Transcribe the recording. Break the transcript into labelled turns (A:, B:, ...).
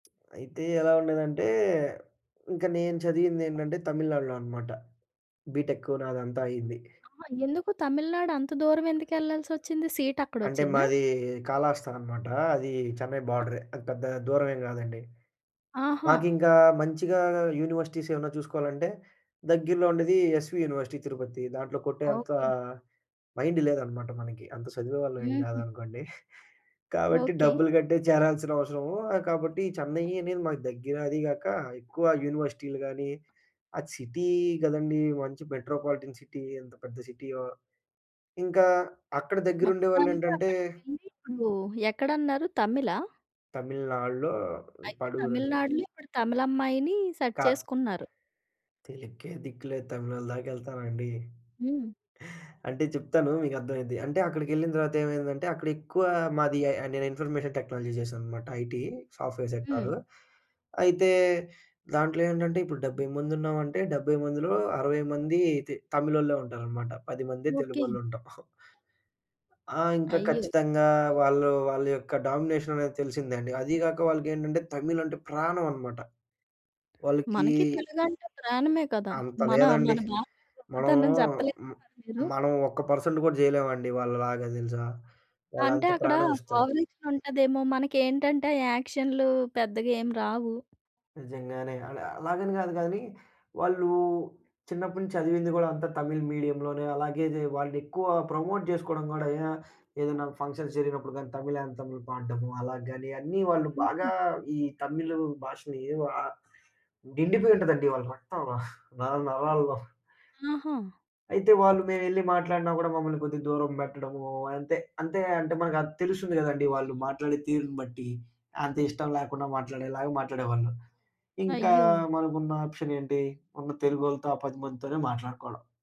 A: అయితే ఎలా ఉండేదంటే ఇంక నేను చదివిందెంటంటే తమిళనాడులోనమాట. బీటెక్కు నాదంతా అయింది.
B: అమ్మ! ఎందుకు తమిళనాడు అంత దూరం ఎందుకెళ్ళాల్సచ్చింది? సీట్ అక్కడ
A: అంటే
B: ఒచ్చిందా?
A: మాది కళాహస్తా అనమాట అది చెన్నై బోర్డరే. అది పెద్దగా దూరమే గాదండి.
B: ఆహా!
A: మాకింకా మంచిగా యూనివర్సిటీస్ ఏమన్నా చూసుకోవాలంటే దగ్గరలో ఉండేది 'ఎస్వీ యూనివర్సిటీ తిరుపతి.' దాంట్లో కొట్టే అంత
B: ఓకే.
A: మైండ్ లేదనమాట మనకి. అంత చదివే వాళ్ళం ఏం
B: హుహు.
A: గాదనుకోండి. కాబట్టి
B: ఓకే.
A: డబ్బులు కట్టే చేరాల్సిన అవసరము. ఆహ్, కాబట్టి చెన్నై అనేది మాకు దగ్గర అది గాక, ఎక్కువ యూనివర్సిటీలు గానీ, ఆ సిటీ గదండీ! మంచి మెట్రోపాలిటన్ సిటీ ఎంత పెద్ద సిటీయో. ఇంకా అక్కడ
B: మొత్తానికి
A: దగ్గరుండేవాళ్లేంటంటే
B: అక్కడికెళ్ళి ఇప్పుడు ఎక్కడన్నారు తమిళా?
A: తమిళనాడులో
B: అయితే
A: పడూరని.
B: తమిళనాడులో ఇప్పుడు తమిళమ్మాయిని సెట్
A: కా
B: చేసుకున్నారు.
A: తెలుక్కే దిక్కు లేదు తమిళోళ్ళ దాకేళ్తానండి?
B: హ్మ్.
A: అంటే చెప్తాను మీకు అర్థమైద్ది. అంటే అక్కడికెళ్ళిన తర్వాత ఏమైందంటే, అక్కడ ఎక్కువ మాది ఎ నేను ఇన్ఫర్మేషన్ టెక్నాలజీ జేసానన్నమాట ఐటీ సాఫ్ట్‌వేర్
B: హ్మ్.
A: సెక్టారు. అయితే దాంట్లో ఏంటంటే ఇప్పుడు 70 మంది ఉన్నామంటే, 70 మందిలో 60 మంది తె తమిళోళ్ళే ఉంటారనమాట. పదిమందే
B: ఓకే.
A: తెలుగోళ్ళు ఉంటాం. ఆ! ఇంకా
B: అయ్యో!
A: ఖచ్చితంగా వాళ్ళు వాళ్ళ యొక్క డామినేషననేది తెలిసిందండి. అది గాక వాళ్ళకేంటంటే, తమిళ్ అంటే ప్రాణమనమాట. వాళ్ళకి
B: మనకి తెలుగంటే ప్రాణమే కదా!
A: అంత
B: మన,
A: లేదండి.
B: మన భాష
A: మనము
B: గొప్పతనం జెప్పలేదా
A: మ్
B: మీరు?
A: మనం ఒక్క పర్సెంట్ గూడా జేయలేమండి వాళ్ళలాగా దెలుసా?
B: అంటే
A: వాళ్ళంత
B: అక్కడ
A: ప్రాణమిస్తారు.
B: ఓవరాక్షన్ ఉంటదేమో మనకేంటంటే, ఆ యాక్షన్లు పెద్దగేమి రావు.
A: నిజంగానే. అల అలాగని గాదు గానీ, వాళ్ళు చిన్నప్పటి నుంచి చదివింది గూడా అంతా తమిళ మీడియంలోనే అలాగే దే వాళ్ళనెక్కువ ప్రమోట్ జేసుకోవడం గూడా ఏ ఏదన్నా ఫంక్షన్స్ జరిగినప్పుడు గానీ, తమిళ్ ఆంథమ్‌లు పాడ్డము, అలా గాని అన్నీ వాళ్ళు బాగా
B: హుహు.
A: ఈ తమిళ భాషని ఎవ నిండిపోయి ఉంటుందండి వాళ్ళ రక్తంలో నర నరాల్లో.
B: ఆహా!
A: అయితే వాళ్ళు మేమేళ్లి మాట్లాడినా గూడా మమ్మల్ని కొద్దిగా దూరం బెట్టడము అంతే. అంతే అంటే మనకది తెలుస్తుంది గదండీ! వాళ్ళు మాట్లాడే తీరుని బట్టి. అంతిష్టం లేకుండా మాట్లాడేలాగా మాట్లాడేవాళ్ళు. ఇంకా
B: అయ్యో!
A: మనకున్న ఆప్షన్ ఏంటి? ఉన్న తెలుగోళ్లతో, ఆ పదిమందితోనే మాట్లాడుకోవాలా.